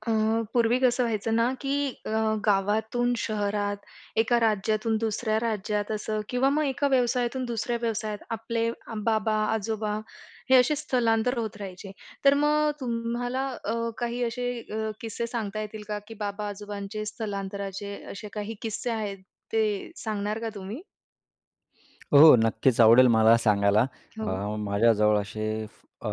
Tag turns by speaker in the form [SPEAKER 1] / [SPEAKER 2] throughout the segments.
[SPEAKER 1] अ, पूर्वी कसं व्हायचं ना की अ, गावातून शहरात, एका राज्यातून दुसऱ्या राज्यात असं किंवा मग एका व्यवसायातून दुसऱ्या व्यवसायात आपले बाबा, आजोबा हे असे स्थलांतर होत राहायचे. तर मग तुम्हाला अ, काही असे अ, किस्से सांगता येतील का की बाबा, आजोबांचे स्थलांतराचे असे काही किस्से आहेत ते सांगणार का तुम्ही?
[SPEAKER 2] हो. नक्कीच आवडेल मला सांगायला. अ,
[SPEAKER 1] हो.
[SPEAKER 2] माझ्याजवळ असे अ,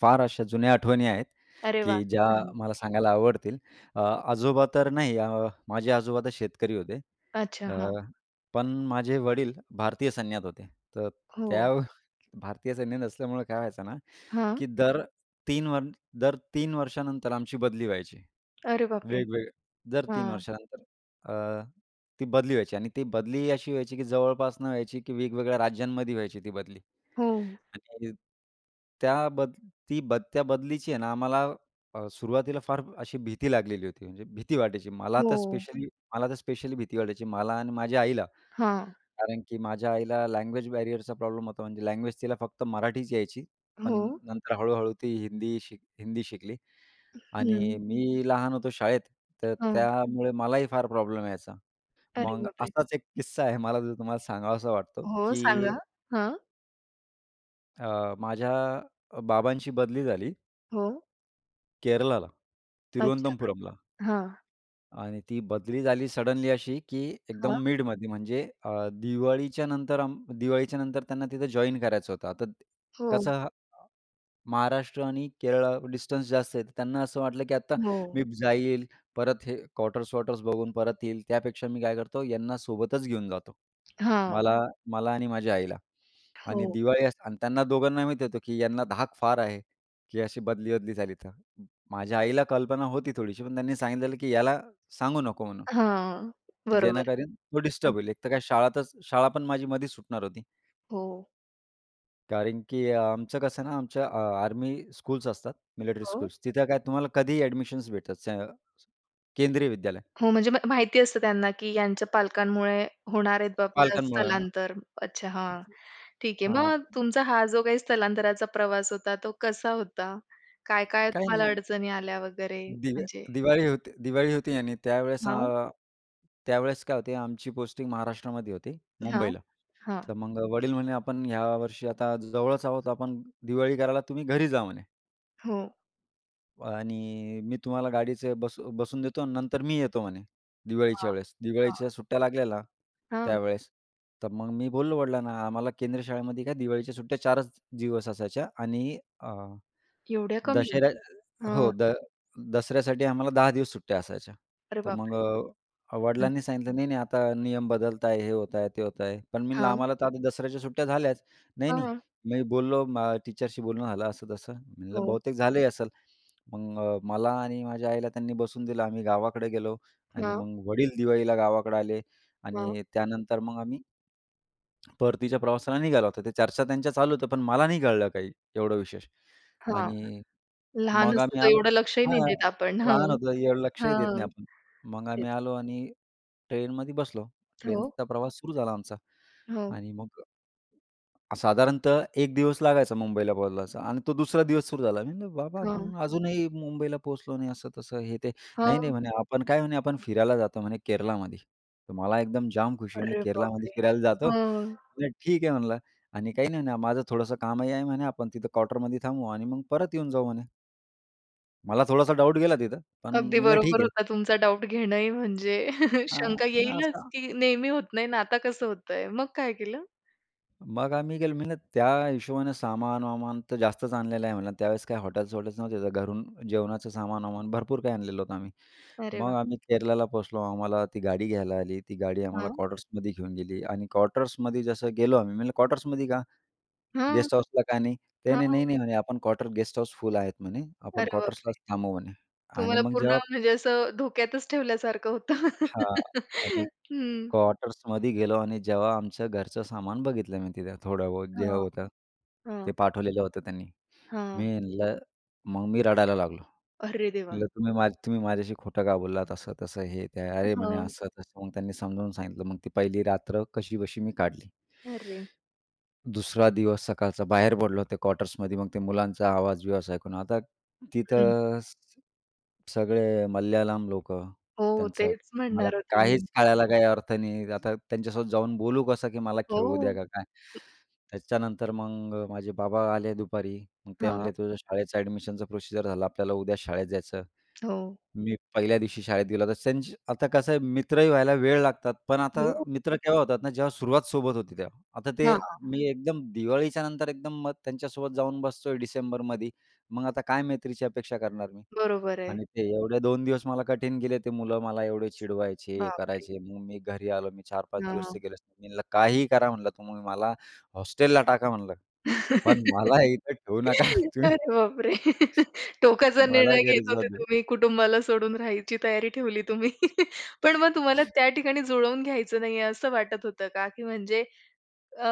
[SPEAKER 2] फार अशा जुन्या आठवणी आहेत,
[SPEAKER 1] अरे वाह!
[SPEAKER 2] की ज्या
[SPEAKER 1] हं.
[SPEAKER 2] मला सांगायला आवडतील. अ, आजोबा तर नाही. अ, माझे आजोबा तर शेतकरी होते.
[SPEAKER 1] अच्छा.
[SPEAKER 2] अ,
[SPEAKER 1] हां.
[SPEAKER 2] पण माझे वडील भारतीय सैन्यात होते. तर
[SPEAKER 1] हो.
[SPEAKER 2] त्या भारतीय सैन्यात असल्यामुळे काय व्हायचं ना,
[SPEAKER 1] हां
[SPEAKER 2] की दर 3 वर दर 3 वर्षानंतर आमची बदली व्हायची,
[SPEAKER 1] अरे बापरे!
[SPEAKER 2] वेगवेग दर 3
[SPEAKER 1] हां.
[SPEAKER 2] वर्षानंतर. अ, ती बदली व्हायची आणि ती बदलीही अशी व्हायची, की जवळपास न व्हायची, की वेगवेगळ्या राज्यांमध्ये व्हायची ती बदली.
[SPEAKER 1] हो.
[SPEAKER 2] आणि त्या बद ती बद त्या बदलीची आहे ना आम्हाला अ, सुरुवातीला फार अशी भीती लागलेली होती. म्हणजे भीती वाटायची. मला तर
[SPEAKER 1] हो.
[SPEAKER 2] स्पेशली मला तर स्पेशली भीती वाटायची. मला आणि माझ्या आईला.
[SPEAKER 1] हां.
[SPEAKER 2] कारण की माझ्या आईला लँग्वेज बॅरियरचा प्रॉब्लेम होता. म्हणजे लँग्वेज तिला फक्त मराठीच यायची. पण
[SPEAKER 1] हो.
[SPEAKER 2] नंतर हळूहळू ती हिंदी शिक हिंदी शिकली आणि
[SPEAKER 1] हं.
[SPEAKER 2] मी लहान होतो शाळेत. तर
[SPEAKER 1] हं.
[SPEAKER 2] त्यामुळे मलाही फार प्रॉब्लेम यायचा.
[SPEAKER 1] अरे
[SPEAKER 2] मग
[SPEAKER 1] बापरे!
[SPEAKER 2] असाच एक किस्सा आहे. मला तो तुम्हाला सांगावासा वाटतो
[SPEAKER 1] हो.
[SPEAKER 2] की
[SPEAKER 1] सांगा. हां.
[SPEAKER 2] अ, माझ्या अ, बाबांची बदली झाली
[SPEAKER 1] हो.
[SPEAKER 2] केरळाला
[SPEAKER 1] अच्छा
[SPEAKER 2] तिरुवनंतपुरमला.
[SPEAKER 1] हां.
[SPEAKER 2] आणि ती बदली झाली सडनली अशी की
[SPEAKER 1] हां.
[SPEAKER 2] एकदम मिडमध्ये म्हणजे अ, दिवाळीच्या नंतर अम दिवाळीच्यानंतर त्यांना तिथं जॉइन करायचं होतं. आता
[SPEAKER 1] हो.
[SPEAKER 2] कसं महाराष्ट्र आणि केरळा डिस्टन्स जास्त आहे. तर त्यांना असं वाटलं की आता
[SPEAKER 1] हो.
[SPEAKER 2] मी जाईल. परत हे क्वार्टर्स-वॉर्टर्स बघून परत येईल. त्यापेक्षा मी काय करतो यांना सोबतच घेऊन जातो.
[SPEAKER 1] हां.
[SPEAKER 2] मला मला आणि माझ्या आईला. आणि
[SPEAKER 1] हो.
[SPEAKER 2] दिवाळी अस आणि त्यांना दोघांना माहिती होतं की यांना धाक फार आहे की अशी बदली बदली झाली तर. माझ्या आईला कल्पना होती थोडीशी पण त्यांनी सांगितलेलं की याला सांगू नको म्हणून.
[SPEAKER 1] हां, बरोबर आहे.
[SPEAKER 2] जेणेकरून तो
[SPEAKER 1] हं.
[SPEAKER 2] डिस्टर्ब होईल. एक तर काय शाळा त शाळा पण माझी मधीच सुटणार होती.
[SPEAKER 1] हो.
[SPEAKER 2] कारण की अ, आमचं कसं आहे ना, आमच्या अ, आर्मी स्कूल्स असतात. मिलेक्ट्री
[SPEAKER 1] हो.
[SPEAKER 2] स्कूल्स तिथे काय तुम्हाला कधीही एडमिशन्स भेटत सं केंद्रीय विद्यालय.
[SPEAKER 1] हो म्हणजे म माहिती असतं त्यांना की यांच्या पालकांमुळे होणार आहेत बाबा
[SPEAKER 2] पालकांमुळं.
[SPEAKER 1] स्थलांतर अच्छा हां, ठीक आहे.
[SPEAKER 2] हां.
[SPEAKER 1] मग तुमचा हा जो काही स्थलांतराचा प्रवास होता तो कसा होता? काय काय
[SPEAKER 2] काही
[SPEAKER 1] तुम्हाला
[SPEAKER 2] नाही.
[SPEAKER 1] अडचणी आल्या वगैरे
[SPEAKER 2] दिवे
[SPEAKER 1] म्हणजे?
[SPEAKER 2] दिवाळी होते दिवाळी होती आणि त्यावेळेस
[SPEAKER 1] हां.
[SPEAKER 2] अ, त्यावेळेस काय होते आमची पोस्टिंग महाराष्ट्रामध्ये होते
[SPEAKER 1] हां,
[SPEAKER 2] मुंबईला.
[SPEAKER 1] हां.
[SPEAKER 2] तर मग वडील म्हणे आपण यावर्षी आता जवळच आहोत आपण दिवाळी करायला तुम्ही घरी जा म्हणे.
[SPEAKER 1] हो.
[SPEAKER 2] आणि मी तुम्हाला गाडीचं बस बसवून देतो आणि नंतर मी येतो म्हणे दिवाळीच्या
[SPEAKER 1] हां,
[SPEAKER 2] वेळेस. दिवाळीच्या
[SPEAKER 1] हां.
[SPEAKER 2] सुट्ट्या लागलेल्या,
[SPEAKER 1] हां.
[SPEAKER 2] त्यावेळेस. तर मग मी बोललो वडिलांना आम्हाला केंद्रीय शाळेमध्ये काय दिवाळीच्या सुट्ट्या 4च दिवस असायच्या आणि अ,
[SPEAKER 1] एवढ्या कमी?
[SPEAKER 2] दशेऱ्या
[SPEAKER 1] हां.
[SPEAKER 2] हो, द दसऱ्यासाठी आम्हाला 10 दिवस सुट्ट्या असायच्या.
[SPEAKER 1] अरे,
[SPEAKER 2] तर मग
[SPEAKER 1] बापरे!
[SPEAKER 2] अ,
[SPEAKER 1] हं.
[SPEAKER 2] वडिलांनी सांगितलं नाही, नाही, आता नियम बदलत आहेत. हे होत आहेत. ते होत आहेत. पण मी म्हटलं
[SPEAKER 1] हां.
[SPEAKER 2] आम्हाला तर आता दसऱ्याच्या सुट्ट्या झाल्याच. नाही, नाही,
[SPEAKER 1] हां.
[SPEAKER 2] मी बोललो मा टीचरशी बोलणं झालं, असं तसं. म्हटलं
[SPEAKER 1] हो.
[SPEAKER 2] बहुतेक झाले असेल. मग मला आणि माझ्या आईला त्यांनी बसवून दिलं आम्ही गावाकडे गेलो आणि
[SPEAKER 1] हां.
[SPEAKER 2] मग वडील दिवाळीला गावाकडं आले
[SPEAKER 1] हां.
[SPEAKER 2] आणि त्यानंतर मग आम्ही परतीच्या प्रवासाला निघालो होतो. त्या चर्चा त्यांच्या चालू होत्या. पण मला नाही कळलं काही एवढं विशेष
[SPEAKER 1] हां.
[SPEAKER 2] आणि
[SPEAKER 1] लहान
[SPEAKER 2] मग
[SPEAKER 1] असतो
[SPEAKER 2] आम्ही
[SPEAKER 1] तर
[SPEAKER 2] आलो
[SPEAKER 1] एवढं लक्षही नाही
[SPEAKER 2] हां.
[SPEAKER 1] देत आपण. हो,
[SPEAKER 2] लहान होतो. एवढं
[SPEAKER 1] हां,
[SPEAKER 2] लक्षही देत नाही
[SPEAKER 1] हां.
[SPEAKER 2] आपण. मग
[SPEAKER 1] तेच.
[SPEAKER 2] आम्ही आलो आणि ट्रेनमध्ये बसलो.
[SPEAKER 1] हो.
[SPEAKER 2] ट्रेनचा प्रवास तर सुरू झाला आमचा
[SPEAKER 1] हो.
[SPEAKER 2] आणि मग साधारणतः 1 दिवस लागायचा मुंबईला पोहोचायला आणि तो 2 दिवस सुरू झाला. मी म्हणलं बाबा
[SPEAKER 1] हां.
[SPEAKER 2] आपण अजूनही मुंबईला पोहोचलो नाही, असं तसं, हे ते. नाही, नाही,
[SPEAKER 1] हो.
[SPEAKER 2] म्हणे आपण काय म्हणे आपण फिरायला जातो म्हणे केरलामध्ये. तर मला एकदम जाम खुशी. म्हटलं
[SPEAKER 1] अरे,
[SPEAKER 2] केरलामध्ये
[SPEAKER 1] बापरे!
[SPEAKER 2] फिरायला जातो
[SPEAKER 1] हां.
[SPEAKER 2] ठीक आहे म्हणलं आणि काही नाही म्हणे माझं थोडंसं कामही आहे म्हणे आपण तिथं क्वार्टरमध्ये थांबू आणि मग परत येऊन जाऊ म्हणे. मला थोडासा डाउट गेला तिथं. पण
[SPEAKER 1] अगदी
[SPEAKER 2] म्हणलं
[SPEAKER 1] बरोबर
[SPEAKER 2] ठीक आहे.
[SPEAKER 1] होता तुमचा डाउट घेणंही, म्हणजे
[SPEAKER 2] हां.
[SPEAKER 1] शंका
[SPEAKER 2] मग
[SPEAKER 1] येईलच
[SPEAKER 2] असा
[SPEAKER 1] की नेहमी होत नाही ना, आता कसं होतंय. मग काय केलं?
[SPEAKER 2] मग आम्ही गेलो, म्हणलं त्या हिशोबाने सामान-वामान तर जास्तच आणलेलं आहे म्हणलं. आणि त्यावेळेस काही हॉटेल्स-वॉटेल्स नव्हते. तर घरून जेवणाचं सामान-वामान भरपूर काही आणलेलं होतं आम्ही.
[SPEAKER 1] अरे वाह!
[SPEAKER 2] मग आम्ही केरलाला पोहोचलो. आम्हाला ती गाडी घ्यायला आली. ती गाडी आम्हाला
[SPEAKER 1] हां.
[SPEAKER 2] क्वार्टर्समध्ये घेऊन गेली आणि क्वार्टर्समध्ये जसं गेलो आम्ही, म्हणलं, "क्वार्टर्समध्ये का?
[SPEAKER 1] हां,
[SPEAKER 2] गेस्ट हाऊसला का नाही?" ते, "नाही,
[SPEAKER 1] हां.
[SPEAKER 2] नाही, नाही. म्हणे, आपण क्वार्टर गेस्ट हाऊस फुल आहेत म्हणे. आपण
[SPEAKER 1] अरे, बापरे!
[SPEAKER 2] क्वार्टर्सलाच थांबू म्हणे." आणि
[SPEAKER 1] तुम्हाला
[SPEAKER 2] मग
[SPEAKER 1] पूर्ण
[SPEAKER 2] जेव्हा
[SPEAKER 1] म्हणजे असं धोक्यातच ठेवल्यासारखं होतं.
[SPEAKER 2] हां, आणि
[SPEAKER 1] हं.
[SPEAKER 2] क्वार्टर्समध्ये गेलो आणि जेव्हा आमचं घरचं सामान बघितलं मी तिथं थोडाबहुत जे
[SPEAKER 1] हां,
[SPEAKER 2] होतं, ते
[SPEAKER 1] हां.
[SPEAKER 2] पाठवलेलं होतं त्यांनी. मी
[SPEAKER 1] हां.
[SPEAKER 2] म्हणलं, मग मी रडायला लागलो.
[SPEAKER 1] अरे देवा!
[SPEAKER 2] म्हटलं, "तुम्ही तुम्ही माझ्याशी खोटं का बोललात, असं तसं, हे ते?" "अरे,
[SPEAKER 1] हां.
[SPEAKER 2] असं तसं." मग त्यांनी समजावून सांगितलं. मग ती पहिली रात्र कशीबशी मी काढली.
[SPEAKER 1] अरे!
[SPEAKER 2] दुसरा दिवस सकाळचा बाहेर पडलो ते क्वार्टर्समध्ये. मग ते मुलांचा आवाज बिवाज ऐकून, आता
[SPEAKER 1] हं.
[SPEAKER 2] तिथं सगळे मल्याळम लोकं.
[SPEAKER 1] हो,
[SPEAKER 2] त्यांचं
[SPEAKER 1] तेच
[SPEAKER 2] मला
[SPEAKER 1] म्हणणार होते मी.
[SPEAKER 2] काहीच कळायला काही अर्थ नाही. आता त्यांच्यासोबत जाऊन बोलू कसं, की "मला खेळू द्या,"
[SPEAKER 1] हो.
[SPEAKER 2] का काय. त्याच्यानंतर मग माझे बाबा आले दुपारी. ते
[SPEAKER 1] हां.
[SPEAKER 2] म्हणले, "तुझं शाळेच्या अ‍ॅडमिशनचा प्रोसिजर झालं. आपल्याला उद्या शाळेत जायचं."
[SPEAKER 1] हो.
[SPEAKER 2] मी पहिल्या दिवशी शाळेत गेलो. [unintelligible] आता कसं आहे मित्रही व्हायला वेळ लागतात. पण आता
[SPEAKER 1] हो.
[SPEAKER 2] मित्र तेव्हा होतात ना, जेव्हा सुरुवात सोबत होते तेव्हा. आता ते
[SPEAKER 1] हां.
[SPEAKER 2] मी एकदम दिवाळीच्यानंतर एकदम मग त्यांच्यासोबत जाऊन बसतोय डिसेंबरमध्ये. मग आता काय मैत्रीची अपेक्षा करणार मी?
[SPEAKER 1] बरोबर आहे.
[SPEAKER 2] आणि ते एवढे 2 दिवस मला कठीण गेले. ते मुलं मला एवढे चिडवायचे, हे
[SPEAKER 1] बापरे!
[SPEAKER 2] करायचे. मग मी घरी आलो. मी 4-5 दिवस ते
[SPEAKER 1] हां.
[SPEAKER 2] गेलोच नाही. मी म्हणलं, "काहीही करा," म्हटलं, "तुम्ही मला हॉस्टेलला टाका," म्हणलं, "पण मला इथे ठेवू नका तुम्ही."
[SPEAKER 1] अरे, बापरे! टोकाचा
[SPEAKER 2] मला
[SPEAKER 1] निर्णय घेत
[SPEAKER 2] घरी जाऊ
[SPEAKER 1] होते
[SPEAKER 2] दे.
[SPEAKER 1] तुम्ही. कुटुंबाला सोडून राहायची तयारी ठेवली तुम्ही. पण मग तुम्हाला त्या ठिकाणी जुळवून घ्यायचं नाहीये असं वाटत होतं का? की म्हणजे अ,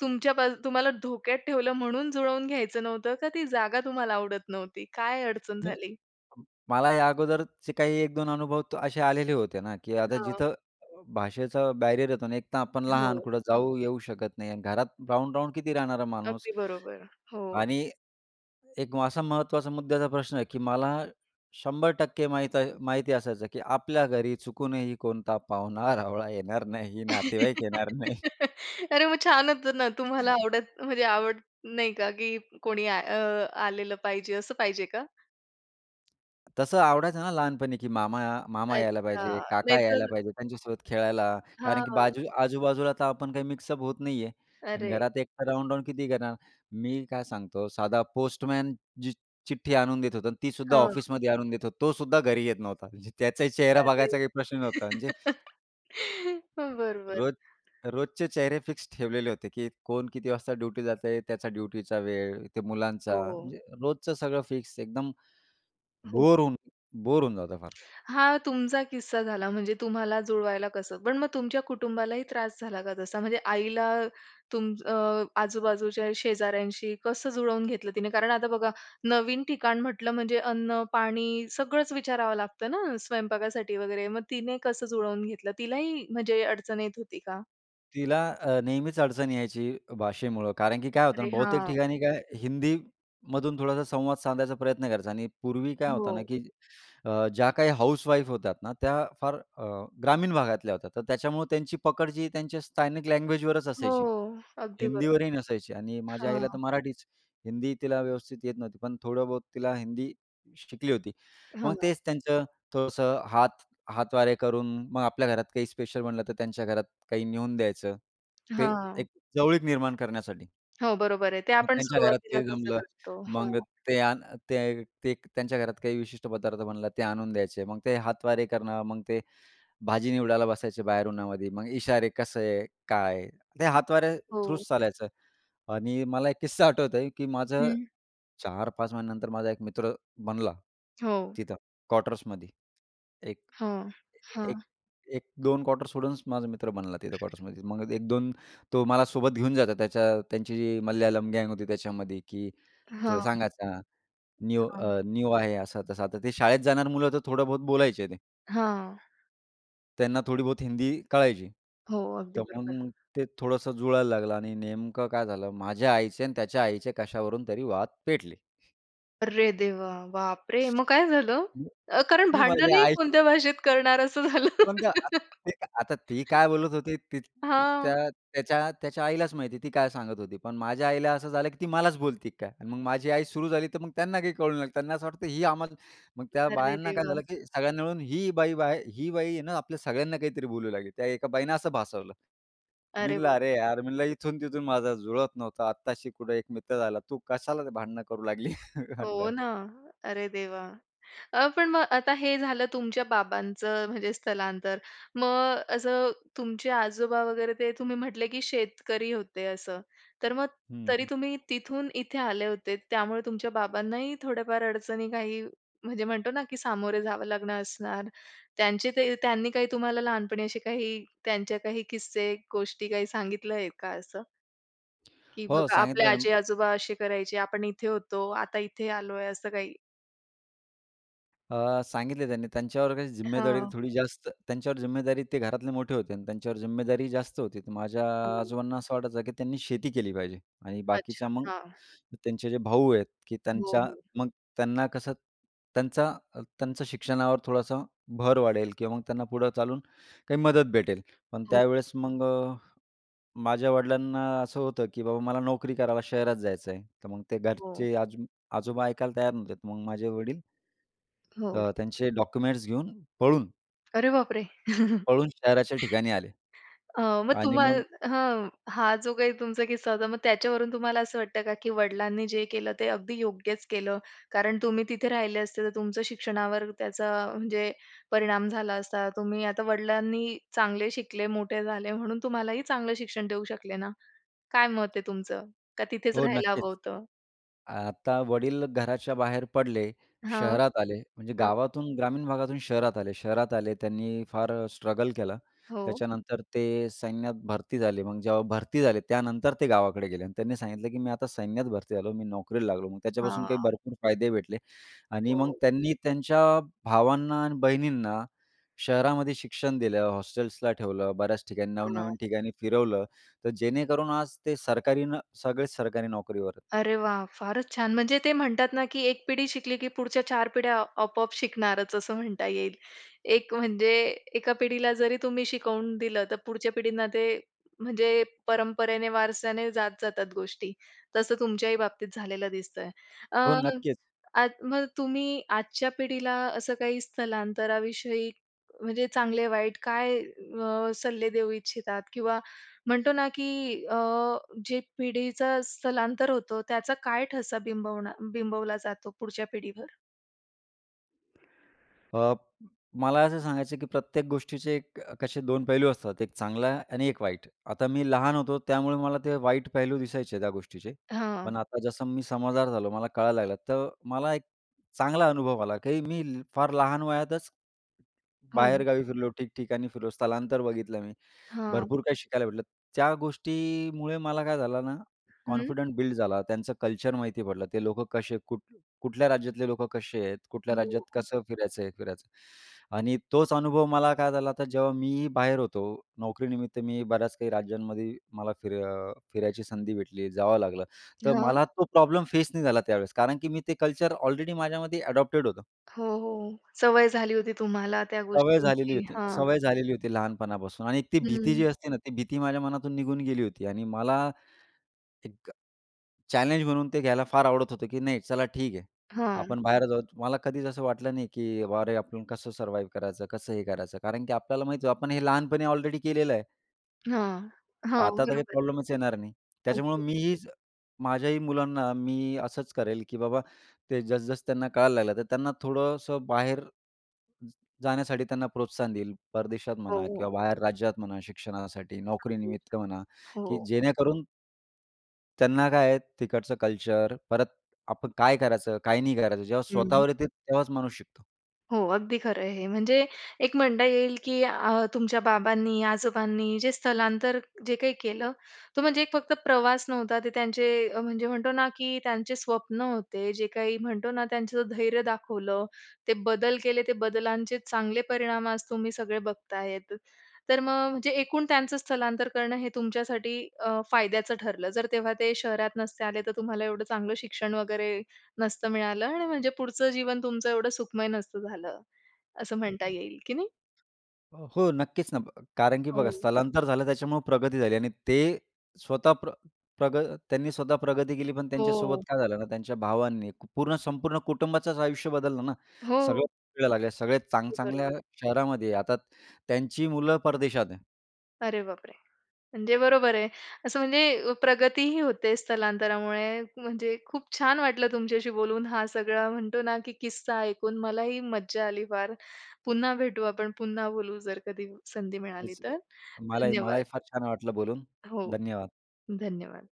[SPEAKER 1] तुमच्यापा तुम्हाला धोक्यात ठेवलं म्हणून जुळवून घ्यायचं नव्हतं का? ती जागा तुम्हाला आवडत नव्हती? काय अडचण झाली?
[SPEAKER 2] [unintelligible] मला या अगोदरचे काही 1 2 अनुभव असे आलेले होते ना, की
[SPEAKER 1] अ,
[SPEAKER 2] आता
[SPEAKER 1] हां.
[SPEAKER 2] जिथं भाषेचं बॅरियर येतो आणि एक तर आपण लहान.
[SPEAKER 1] हो.
[SPEAKER 2] कुठे जाऊ येऊ शकत नाही आणि घरात राहून-राहून किती राहणार माणूस.
[SPEAKER 1] अगदी बरोबर, हो.
[SPEAKER 2] आणि एक असा महत्त्वाचा मुद्याचा प्रश्न आहे, की मला 100% माहीत आ माहिती असायचं, की आपल्या घरी चुकूनही कोणता पाहुणा-रावळा येणार नाही, नातेवाईक येणार नाही.
[SPEAKER 1] अरे, मग छान होतं ना. तुम्हाला आवडत म्हणजे आवडत नाही का, की कोणी अ, आलेलं पाहिजे? असं पाहिजे का?
[SPEAKER 2] तसं आवडायचं ना लहानपणी की मामा मामा यायला
[SPEAKER 1] अच्छा.
[SPEAKER 2] पाहिजे, काका यायला
[SPEAKER 1] नाहीतर
[SPEAKER 2] पाहिजे. त्यांच्यासोबत खेळायला. कारण की
[SPEAKER 1] हां.
[SPEAKER 2] बाजू आजूबाजूला तर आपण काही मिक्सअप होत नाही आहे आणि
[SPEAKER 1] अरे!
[SPEAKER 2] घरात एकटा राहून-राहून किती करणार. मी काय सांगतो, साधा पोस्टमन जी चिठ्ठी आणून देत होता आणि ती सुद्धा
[SPEAKER 1] हां.
[SPEAKER 2] ऑफिसमध्ये आणून देत होता. तो सुद्धा घरी येत नव्हता. म्हणजे त्याचाही चेहरा
[SPEAKER 1] अरे!
[SPEAKER 2] बघायचा काही प्रश्न नव्हता म्हणजे
[SPEAKER 1] बरोबर.
[SPEAKER 2] रोज रोजचे चेहरे फिक्स ठेवलेले होते की कोण किती वाजता ड्युटी जातंय. त्याचा ड्युटीचा वेळ, ते मुलांचा.
[SPEAKER 1] हो.
[SPEAKER 2] म्हणजे रोजचं सगळं फिक्स एकदम
[SPEAKER 1] हो.
[SPEAKER 2] बोर होऊन बोर होऊन जातं फार.
[SPEAKER 1] हा तुमचा किस्सा झाला म्हणजे तुम्हाला जुळवायला कसं. पण मग तुमच्या कुटुंबालाही त्रास झाला का तसा? म्हणजे आईला अ, तुम अ, आजूबाजूच्या शेजाऱ्यांशी कसं जुळवून घेतलं तिने? कारण आता बघा नवीन ठिकाण म्हटलं म्हणजे अन्न-पाणी सगळंच विचारावं लागतं ना स्वयंपाकासाठी वगैरे. मग तिने कसं जुळवून घेतलं? तिलाही म्हणजे अडचण येत होती का?
[SPEAKER 2] तिला अ, नेहमीच अडचण यायची भाषेमुळं. कारण की काय होतं
[SPEAKER 1] अरे,
[SPEAKER 2] ना बहुतेक
[SPEAKER 1] हां.
[SPEAKER 2] ठिकाणी काय हिंदी मधून थोडासा संवाद साधायचा प्रयत्न करायचा आणि पूर्वी काय होतं
[SPEAKER 1] हो.
[SPEAKER 2] ना की अ, ज्याकाही हाउसवाईफ होत्या ना, त्या फार अ, ग्रामीण भागातल्या होत्या. तर त्याच्यामुळं त्यांची पकड जी त्यांच्या स्थानिक लँग्वेजवरच
[SPEAKER 1] हो.
[SPEAKER 2] असायची.
[SPEAKER 1] अगदी बरोबर.
[SPEAKER 2] हिंदीवरही नसायची आणि माझ्या आईला
[SPEAKER 1] हां.
[SPEAKER 2] तर मराठीच. हिंदी तिला व्यवस्थित येत नव्हती. पण थोडं बहुत तिला हिंदी शि शिकली होती. मग
[SPEAKER 1] हां.
[SPEAKER 2] तेच त्यांचं थोडंसं हातवारे करून मग आपल्या घरात काही स्पेशल बनलं तर त्यांच्या घरात काही नेऊन द्यायचं. ते
[SPEAKER 1] हां.
[SPEAKER 2] एक जवळीक निर्माण करण्यासाठी.
[SPEAKER 1] हो, बरोबर आहे. ते
[SPEAKER 2] मग
[SPEAKER 1] आपण
[SPEAKER 2] त्यांच्या घरात
[SPEAKER 1] सुरुवातीला
[SPEAKER 2] ते
[SPEAKER 1] तसं
[SPEAKER 2] जमलं.
[SPEAKER 1] करतो.
[SPEAKER 2] मग
[SPEAKER 1] हां.
[SPEAKER 2] ते आण ते ते त्यांच्या घरात काही विशिष्ट पदार्थ बनलं, ते आणून द्यायचे. मग ते हातवारे करणं मग ते भाजी निवडायला बसायचे बाहेर उन्हामध्ये. मग इशारे कसे काय. ते हातवारे थ्रू
[SPEAKER 1] हो.
[SPEAKER 2] चालायचं आणि मला 1 किस्सा आठवतोय की माझं
[SPEAKER 1] हं.
[SPEAKER 2] 4-5 महिन्यानंतर माझा 1 मित्र बनला
[SPEAKER 1] हो.
[SPEAKER 2] तिथं क्वार्टर्समध्ये. एक
[SPEAKER 1] हां.
[SPEAKER 2] एक
[SPEAKER 1] हां.
[SPEAKER 2] अ, 1-2 क्वार्टर सोडूनच माझा मित्र बनला तिथं क्वार्टर्समध्ये. मग अ, 1-2 तो मला सोबत घेऊन जातो त्याच्या त्यांची जी मल्याळम गँग होती त्याच्यामध्ये की तर
[SPEAKER 1] हां.
[SPEAKER 2] सांगायचा न्यू
[SPEAKER 1] हां.
[SPEAKER 2] अ न्यू आहे. असं-तसं आता. ते शाळेत जाणार मुलं तर थोडं-बहुत बोलायचे ते.
[SPEAKER 1] हां.
[SPEAKER 2] त्यांना थोडी बहुत हिंदी कळायची.
[SPEAKER 1] हो. अगदी
[SPEAKER 2] तर
[SPEAKER 1] बरोबर.
[SPEAKER 2] मग ते थोडंसं जुळायला लागलं आणि नेमकं काय झालं, माझ्या आईचे आणि त्याच्या आईचे कशावरून तरी वाद पेटले.
[SPEAKER 1] अरे, देवा! बाप रे! मग काय झालं? अ, कारण
[SPEAKER 2] मी माझ्या
[SPEAKER 1] भांडणही
[SPEAKER 2] आईशी.
[SPEAKER 1] कोणत्या भाषेत करणार, असं झालं.
[SPEAKER 2] पण ते आ आता ते आता ती काय बोलत होती, ती
[SPEAKER 1] हां.
[SPEAKER 2] त्या त्याच्या त्याच्या आईलाच माहिती आहे, ती काय सांगत होती. पण माझ्या आईला असं झालं की ती मलाच बोलते का? मग माझी आई सुरू झाली तर मग त्यांना काही कळू नाही लागलं. त्यांना असं वाटतं, ही आम्हा मग त्या
[SPEAKER 1] अरे
[SPEAKER 2] बायांना काय
[SPEAKER 1] देवा!
[SPEAKER 2] झालं, की सगळ्यांनी मिळून ही बाई, बाय ही बाई ना, आपल्या सगळ्यांना काहीतरी बोलू लागली. त्या एका बाईने असं भासवलं. मी
[SPEAKER 1] अरे
[SPEAKER 2] म्हणलं
[SPEAKER 1] बाप
[SPEAKER 2] अरे,
[SPEAKER 1] रे!
[SPEAKER 2] यार मी म्हणलं, इथून-तिथून माझा जुळत नव्हतं. आत्ताशी कुठे एक मित्र झाला. तू कशाला भांडणं करू लागली
[SPEAKER 1] हो
[SPEAKER 2] म्हणलं?
[SPEAKER 1] ना. अरे देवा! अ, पण मग आता हे झालं तुमच्या बाबांचं म्हणजे स्थलांतर. मग असं तुमचे आजोबा वगैरे, ते तुम्ही म्हटले की शेतकरी होते असं. तर मग
[SPEAKER 2] हं,
[SPEAKER 1] तरी
[SPEAKER 2] हं.
[SPEAKER 1] तुम्ही तिथून इथे आले होते. त्यामुळे तुमच्या बाबांनाही थोड्याफार अडचणी, काही म्हणजे म्हणतो ना, की सामोरे जावं लागणं असणार. त्यांचे काही त्यांनी काही तुम्हाला लहानपणी असे काही त्यांचे काही किस्से, गोष्टी काही सांगितले आहे का असं? की
[SPEAKER 2] हो.
[SPEAKER 1] बघा आपले
[SPEAKER 2] सांगितलं ना
[SPEAKER 1] आजी-आजोबा असे करायचे. आपण इथे होतो. आता इथे आलोय असं काही.
[SPEAKER 2] अ, सांगितलं त्यांनी. त्यांच्यावर काही जिम्मेदारी
[SPEAKER 1] हां.
[SPEAKER 2] थोडी जास्त त्यांच्यावर जिम्मेदारी ते घरातले मोठे होते आणि त्यांच्यावर जिम्मेदारी जास्त होती. तर माझ्या
[SPEAKER 1] हं.
[SPEAKER 2] आजोबांना असं वाटायचं, की त्यांनी शेती केली पाहिजे. आणि
[SPEAKER 1] अच्छा.
[SPEAKER 2] बाकीच्या मग
[SPEAKER 1] हां.
[SPEAKER 2] त्यांचे जे भाऊ आहेत, की
[SPEAKER 1] हो,
[SPEAKER 2] त्यांच्या
[SPEAKER 1] हो.
[SPEAKER 2] मग त्यांना कसं, त्यांचा त्यांच्या शिक्षणावर थोडासा भर वाढेल किंवा मग त्यांना पुढं चालून काही मदत भेटेल. पण
[SPEAKER 1] हो.
[SPEAKER 2] त्यावेळेस मग अ, माझ्या वडिलांना असं होतं, की बाबा मला नोकरी करायला शहरात जायचं आहे. तर मग ते
[SPEAKER 1] हो.
[SPEAKER 2] घरचे, आज आजोबा ऐकायला तयार नव्हते. मग माझे वडील
[SPEAKER 1] हो.
[SPEAKER 2] अ, त्यांचे डॉक्युमेंट्स घेऊन पळून
[SPEAKER 1] अरे बापरे!
[SPEAKER 2] पळून शहराच्या ठिकाणी आले.
[SPEAKER 1] अ मग
[SPEAKER 2] आणि मग
[SPEAKER 1] तुम्हाला हं, हा जो काही तुमचा किस्सा होता, मग त्याच्यावरून तुम्हाला असं वाटतं का की वडिलांनी जे केलं, ते अगदी योग्यच केलं? कारण तुम्ही तिथे राहिले असते, तर तुमचं शिक्षणावर त्याचा म्हणजे परिणाम झाला असता. तुम्ही आता वडिलांनी चांगले शिकले, मोठे झाले, म्हणून तुम्हालाही चांगलं शिक्षण देऊ शकले ना. काय मत आहे तुमचं? का तिथेच
[SPEAKER 2] हो.
[SPEAKER 1] राहायला
[SPEAKER 2] नक्कीच.
[SPEAKER 1] हवं होतं?
[SPEAKER 2] आता वडील घराच्या बाहेर पडले,
[SPEAKER 1] हां,
[SPEAKER 2] शहरात आले. म्हणजे
[SPEAKER 1] हां.
[SPEAKER 2] गावातून, ग्रामीण भागातून शहरात आले. शहरात आले. त्यांनी फार स्ट्रगल केलं.
[SPEAKER 1] हो.
[SPEAKER 2] त्याच्यानंतर ते सैन्यात भरती झाले. मग जेव्हा भरती झाले, त्यानंतर ते गावाकडे गेले आणि त्यांनी सांगितलं, की मी आता सैन्यात भरती झालो. मी नोकरीला लागलो. मग त्याच्यापासून
[SPEAKER 1] हां.
[SPEAKER 2] काही भरपूर फायदे भेटले आणि मग
[SPEAKER 1] हो.
[SPEAKER 2] त्यांनी त्यांच्या भावांना आणि बहिणींना शहरामध्ये शिक्षण दिलं, हॉस्टेल्सला ठेवलं, बऱ्याच ठिकाणी
[SPEAKER 1] हां.
[SPEAKER 2] नव-नवीन ठिकाणी फिरवलं. तर जेणेकरून आज ते सरकारी न सगळेच सरकारी नोकरीवर.
[SPEAKER 1] अरे वाह! फारच छान. म्हणजे ते म्हणतात ना, की एक पिढी शिकली, की पुढच्या चार पिढ्या आपोआप शिकणारच, असं म्हणता येईल. एक म्हणजे, एका पिढीला जरी तुम्ही शिकवून दिलं, तर पुढच्या पिढींना ते म्हणजे परंपरेने, वारसाने जात जातात गोष्टी. तसं तुमच्याही बाबतीत झालेलं दिसतंय. अ,
[SPEAKER 2] हो. नक्कीच.
[SPEAKER 1] आज मग तुम्ही आजच्या पिढीला असं काही स्थलांतराविषयी म्हणजे चांगले-वाईट काय अ, सल्ले देऊ इच्छितात? किंवा म्हणतो ना, की अ, जे पिढीचं स्थलांतर होतं, त्याचा काय ठसा बिंबवणा बिंबवला जातो पुढच्या पिढीवर?
[SPEAKER 2] अ, मला असं सांगायचं आहे, की प्रत्येक गोष्टीचे क कसे 2 पैलू असतात. 1 चांगला आणि 1 वाईट. आता मी लहान होतो त्यामुळे मला ते वाईट पैलू दिसायचे त्या गोष्टीचे, पण
[SPEAKER 1] हां.
[SPEAKER 2] आता जसं मी समजदार झालो. मला कळायला लागलं. तर मला एक चांगला अनुभव आला, की मी फार लहान वयातच
[SPEAKER 1] हो.
[SPEAKER 2] बाहेरगावी फिरलो, ठिकठिकाणी फिरलो. स्थलांतर बघितलं मी.
[SPEAKER 1] हां.
[SPEAKER 2] भरपूर काही शिकायला भेटलं. त्या गोष्टीमुळे मला काय झालं ना,
[SPEAKER 1] हं.
[SPEAKER 2] कॉन्फिडंट बिल्ड झाला. त्यांचं कल्चर माहिती पडलं. ते लोकं कसे, कुठ कुठल्या राज्यातले लोक कसे आहेत, कुठल्या राज्यात
[SPEAKER 1] हो.
[SPEAKER 2] कसं फिरायचं, हे फिरायचं आणि तोच अनुभव मला काय झाला तर जेव्हा मी बाहेर होतो नोकरीनिमित्त मी बऱ्याच काही राज्यांमध्ये मला फिर अ, फिरायची संधी भेटली, जावं लागलं. तर
[SPEAKER 1] हां.
[SPEAKER 2] मला तो प्रॉब्लेम फेस नाही झाला त्यावेळेस कारण की मी ते कल्चर ऑलरेडी माझ्यामध्ये अडॉप्टेड होतं.
[SPEAKER 1] हो, हो. सवय झाली होती तुम्हाला त्या
[SPEAKER 2] सवय झालेली
[SPEAKER 1] गोष्टींची.
[SPEAKER 2] होती.
[SPEAKER 1] हां.
[SPEAKER 2] सवय झालेली होती लहानपणापासून आणि ती भीती
[SPEAKER 1] हं.
[SPEAKER 2] जी असते ना, ती भीती माझ्या मनातून निघून गेली होती आणि मला एक चॅलेंज म्हणून ते घ्यायला फार आवडत होतं, की नाही चला ठीक आहे.
[SPEAKER 1] हां.
[SPEAKER 2] आपण बाहेर जाऊ. मला कधीच असं वाटलं नाही की अरे, आपण कसं सर्वाईव करायचं? कसं हे करायचं कारण की आपल्याला माहित होतं आपण हे लहानपणी ऑलरेडी केलेलं आहे.
[SPEAKER 1] हां, हां,
[SPEAKER 2] आता तर काही
[SPEAKER 1] बरोबर.
[SPEAKER 2] प्रॉब्लेमच येणार नाही. त्याच्यामुळं
[SPEAKER 1] अगदी.
[SPEAKER 2] मीही माझ्याही मुलांना मी असंच करेल, की बाबा ते जसं-जसं त्यांना कळायला लागलं, तर त्यांना थोडंसं बाहेर ज जाण्यासाठी त्यांना प्रोत्साहन देईल. परदेशात
[SPEAKER 1] हो,
[SPEAKER 2] म्हणा
[SPEAKER 1] हो.
[SPEAKER 2] किंवा बाहेर राज्यात म्हणा शिक्षणासाठी,
[SPEAKER 1] अगदी
[SPEAKER 2] नोकरीनिमित्त म्हणा,
[SPEAKER 1] [unintelligible]
[SPEAKER 2] की
[SPEAKER 1] हो.
[SPEAKER 2] जेणेकरून त्यांना काय आहे, तिकडचं कल्चर, परत आपण काय करायचं? काय नाही करायचं? जेव्हा
[SPEAKER 1] हं.
[SPEAKER 2] स्वतःवर येते तेव्हाच माणूस शिकतो.
[SPEAKER 1] हो. अगदी खरं आहे हे. म्हणजे एक म्हणता येईल, की अ, तुमच्या बाबांनी आजोबांनी जे स्थलांतर जे काही केलं, तो म्हणजे एक फक्त प्रवास नव्हता. ते त्यांचे म्हणजे म्हणतो ना, की त्यांचे स्वप्न होते. जे काही म्हणतो ना, त्यांचं धैर्य दाखवलं, ते बदल केले. ते बदलांचे चांगले परिणाम आज तुम्ही सगळे बघत आहेत. तर मग म्हणजे एकूण त्यांचं स्थलांतर करणं हे तुमच्यासाठी अ, फायद्याचं ठरलं. जर तेव्हा ते शहरात नसते आले, तर तुम्हाला एवढं चांगलं शिक्षण वगैरे नसतं मिळालं आणि म्हणजे पुढचं जीवन तुमचं एवढं सुखमय नसतं झालं. असं
[SPEAKER 2] हं,
[SPEAKER 1] म्हणता येईल की नाही?
[SPEAKER 2] हं. अ, हो. नक्कीच ना, कारण की बघा
[SPEAKER 1] हो.
[SPEAKER 2] स्थलांतर झालं त्याच्यामुळं प्रगती झाली आणि ते स्वतः प्र प्रग त्यांनी स्वतः प्रगती केली. पण त्यांच्यासोबत
[SPEAKER 1] हो.
[SPEAKER 2] काय झालं ना, त्यांच्या भावांनी पूर्ण संपूर्ण कुटुंबाचंच आयुष्य बदललं ना. सगळे
[SPEAKER 1] हो.
[SPEAKER 2] फिरायला लागले. सगळे चांग
[SPEAKER 1] अगदी
[SPEAKER 2] चांगल्या
[SPEAKER 1] बरोबर.
[SPEAKER 2] शहरामध्ये आहे. आता त्यांची मुलं परदेशात आहे.
[SPEAKER 1] अरे, बापरे! म्हणजे बरोबर आहे. असं म्हणजे प्रगती ही होते स्थलांतरामुळे. म्हणजे खूप छान वाटलं तुमच्याशी बोलून हा सगळा म्हणतो ना, की किस्सा ऐकून. मला ही मज्जा आली फार. पुन्हा भेटू आपण. पुन्हा बोलू जर कधी संधी मिळाली
[SPEAKER 2] तेच
[SPEAKER 1] तर.
[SPEAKER 2] मलाही
[SPEAKER 1] धन्यवाद.
[SPEAKER 2] मलाही फार छान वाटलं बोलून.
[SPEAKER 1] हो.
[SPEAKER 2] धन्यवाद.
[SPEAKER 1] धन्यवाद.